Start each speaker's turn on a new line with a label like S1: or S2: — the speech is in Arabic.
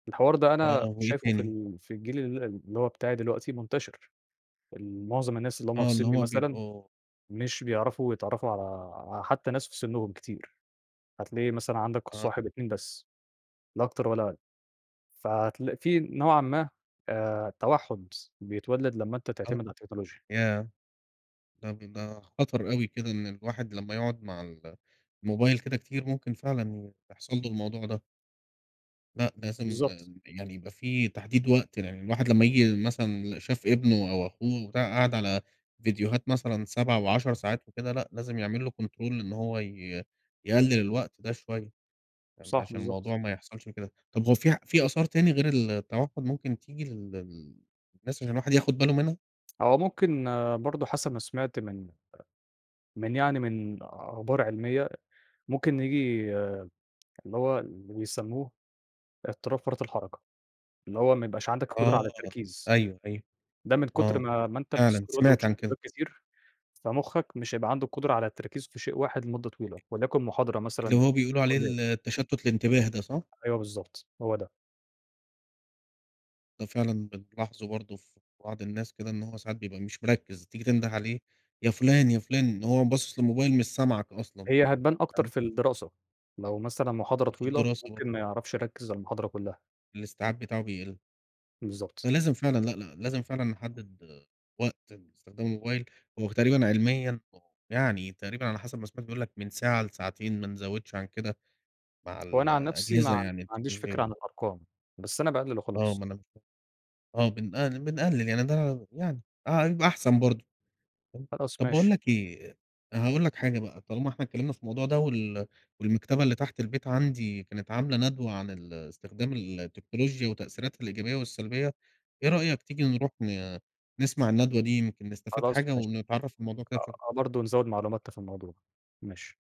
S1: الحوار ده
S2: آه،
S1: أنا
S2: وإيه
S1: شايفُه في
S2: تاني؟
S1: ال في الجيل ال اللي هو بتاعي دلوقتي منتشر، ال معظم الناس اللي هُم
S2: آه،
S1: في
S2: اللي
S1: سنّي
S2: هُم
S1: مثلًا،
S2: بيبقوا
S1: مش بيعرفوا يتعرّفوا على آآ، حتّى ناس في سنّهم كتير، هتلاقي مثلًا عندك
S2: آه.
S1: الصاحب، 2، بس، لا أكتر ولا أقل، فهتلق فيه نوعًا ما، آآ، توحُّد، بيتولّد لمّا أنت تعتمد
S2: آه،
S1: على التكنولوجيا.
S2: ياه! طَب ده خطر أوي كده إن الواحد لمّا يقعد مع ال الموبايل كده كتير، ممكن فعلًا ي يحصل لُه الموضوع ده. لأ، لازم
S1: بالضبط.
S2: يعني يبقى في تحديد وقت لأن الواحد لمّا ييجي مثلًا ل شاف ابنُه أو أخوه وبتاع قاعد على ڤيديوهات مثلًا 7 و10 ساعات وكده لأ، لازم يعمل له control إن هو ي يقلِّل الوقت ده شويّة، فاهم،
S1: صح،
S2: عشان
S1: بالضبط.
S2: الموضوع ما يحصلش كده، طَب هو في ع فيه آثار تاني غير ال التوحد ممكن تيجي لل للناس، عشان الواحد ياخد باله منها؟
S1: هو ممكن برضه حسب ما سمعت من أ من يعني من أخبار علميّة، ممكن نيجي اللي هو اللي بيسمّوه، اضطراب فرط الحركة، اللي هو ما يبقاش عندك القدرة على
S2: آه،
S1: التركيز،
S2: أيوه، أيوه،
S1: ده من كُتر
S2: آه،
S1: ما ما أنت
S2: فعلًا
S1: بتسكرول
S2: سمعت
S1: وتشوف
S2: عن كده.
S1: ڤيديوهات كتير، فمخك مش هيبقى عنده القدرة على التركيز في شيء واحد لمدة طويلة، وليكن محاضرة
S2: اللي
S1: مثلًا،
S2: هو
S1: في
S2: بيقولوا عليه
S1: الكلية.
S2: ال التشتت الانتباه ده، صح؟
S1: أيوة بالضبط، هو ده.
S2: ده فعلًا بنلاحظه برضه في بعض الناس كده، إن هو ساعات بيبقى مش مركّز، تيجي تنده عليه يا فُلان، يا فُلان، وهو باصِص للموبايل مش سامعك أصلًا،
S1: هي هتبان أكتر
S2: فاهم؟
S1: في الدراسة، لو مثلًا محاضرة
S2: وفي
S1: طويلة،
S2: الدراسة برضه.
S1: ممكن ما يعرفش يركّز على المحاضرة كلّها.
S2: الاستيعاب بتاعُه بيقِلّ.
S1: بالضبط.
S2: فلازم فعلًا لأ، لأ لازم فعلًا نحدِّد وقت لاستخدام الموبايل، هو تقريبًا علميًا، يعني تقريبًا على حسب ما سمعت بيقول لك من ساعة لساعتين، ما نزوِّدش عن كده، مع
S1: هو
S2: ال
S1: أنا عن نَفْسي ما ع
S2: الأجهزة
S1: ما
S2: يعني
S1: عنديش فكرة
S2: التكنولوجية.
S1: عن الأرقام، بس أنا باقلِّل
S2: آه،
S1: وخلاص.
S2: ما أنا ك آه، بنقل بنقلِّل يعني ده ع يعني، آه، يبقى أحسن برضه، فاهم،
S1: خلاص
S2: طَب باقول
S1: ماشي.
S2: لك إيه، أ هاقول لك حاجة بقى، طالما إحنا اتكلمنا في الموضوع ده وال والمكتبة اللي تحت البيت عندي كانت عاملة ندوة عن ال استخدام ال التكنولوجيا وتأثيراتها الإيجابية والسلبيّة، إيه رأيك تيجي نروح ن نسمع الندوة دي، يمكن نستفاد
S1: خلاص
S2: حاجة،
S1: ماشي،
S2: ونتعرّف على الموضوع كده أكتر.
S1: آه، أهو برضه نزوِّد معلوماتنا في الموضوع، ماشي.